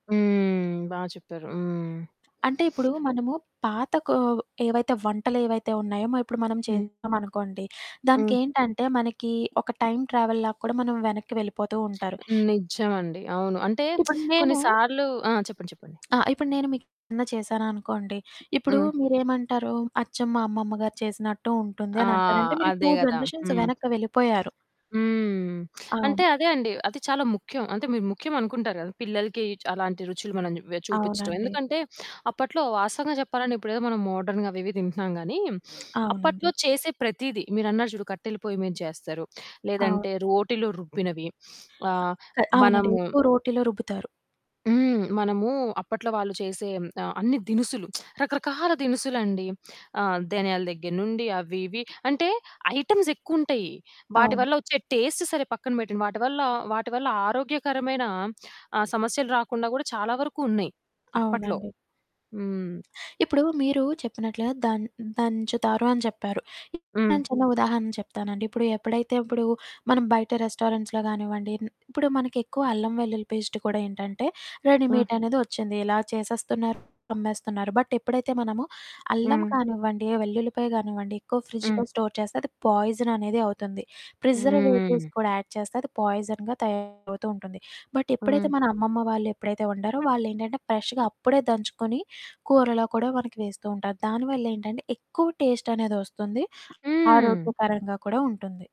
హ్మ్. బా చెప్పారు. హ్మ్. అంటే ఇప్పుడూ, మనము పాత కొవ్ ఏవైతే వంటలేవైతే ఉన్నాయో మ ఇప్పుడు మనం హ్మ్. చేసామనుకోండి. హ్మ్. దానికేంటంటే, మనకీ ఒక టైమ్ ట్రావెల్‌లా కూడా మనం వెనక్కి వెళ్ళిపోతూ ఉంటారు. హ్మ్. నిజం అండి. అవును. అంటే ఇప్పుడు కొన్ని నేనూ సార్లు ఆ! చెప్పండి. చెప్పండి. ఆ! ఇప్పుడు నేను మీకేదన్నా చేశాననుకోండి, ఇప్పుడు హ్మ్. మీరేమంటారు, అచ్చం మా అమ్మమ్మ గారు చేసినట్టు ఉంటుంది ఆ! అనంటారు, అంటే మీరు అదే 2 గదా! జనరేషన్స్ హ్మ్. వెనక్కి వెళ్ళిపోయారు. హ్మ్. అంటే, అవును. అదే అండి. అది చాలా ముఖ్యం. అంటే మీరు ముఖ్యమనుకుంటారు గదా! పిల్లలకి అలాంటి రుచులు మనం వె చూపిచ్చటం. అవునండి. ఎందుకంటే అప్పట్లో వాస్తవంగా జెప్పాలంటే, ఇప్పుడేదో మనం మోడ్రర్న్‌‌గా అవి ఇవి తింటున్నాం గానీ, అవునండి. అప్పట్లో చేసే ప్రతీదీ, మీరన్నారు జూడు, కట్టెల పోయి మీద జేస్తారు, అవును. లేదంటే రోటిలో రుబ్బినవి, ఆహ్, క అవునండీ. మనము ఎక్కువ రోటిలో రుబ్బుతారు. హ్మ్. మనమూ అప్పట్లో వాళ్ళు చేసే హ్మ్, ఆహ్, అన్ని దినుసులు రకరకాల దినుసులండి. ఆహ్, ధనియాల దగ్గర నుండి, అవి ఇవి అంటే ఐటెమ్స్ ఎక్కువుంటాయి, వాటి అవును. వల్ల వచ్చే టేస్ట్ సరే పక్కన పెట్టండి, వాటి వల్ల వాటి వల్ల ఆరోగ్యకరమైన ఆహ్, సమస్యలు రాకుండా గూడా చాలా వరకు ఉన్నాయి. అప్పట్లో. అవునండి. హ్మ్. ఇప్పుడూ, మీరూ చెప్పినట్లుగా దన్ హ్మ్, దంచుతారు అని చెప్పారు. ఇప్పుడు హ్మ్. నేను చిన్న ఉదాహరణ చెప్తానండి. ఇప్పుడు ఎప్పుడైతే ఇప్పుడు మనం బయట రెస్టారెంట్స్‌లో గానివ్వండి, హ్మ్. ఇప్పుడు మనకెక్కువ అల్లం వెల్లుల్లి పేస్టు కూడా ఏంటంటే, హ్మ్. రెడీమేటనేది వచ్చింది, ఇలా చేసేస్తున్నారు. అమ్మేస్తున్నారు. బట్ ఎప్పుడైతే మనము, అల్లం హ్మ్. కానివ్వండి, వెల్లుల్లిపాయ గానివ్వండి, ఎక్కువ హ్మ్. ఫ్రిడ్జులో స్టోర్ చేస్తే, అది పాయిజననేది అవుతుంది. ప్రిజర్వేటివ్స్ హ్మ్. కూడా యాడ్ చేస్తే, అది పాయిజన్‌గా తయారవుతూ ఉంటుంది. బట్ ఎప్పుడైతే, హ్మ్. మన అమ్మమ్మ వాళ్ళు ఎప్పుడైతే వండారో, వాళ్ళేంటంటే ఫ్రెష్‌గా అప్పుడే దంచుకొని, కూరలో కూడా మనకి వేస్తూ ఉంటారు. దానివల్లేంటంటే, ఎక్కువ టేస్టనేదొస్తుంది. హ్మ్. ఆరోగ్య పరంగా కూడా ఉంటుంది.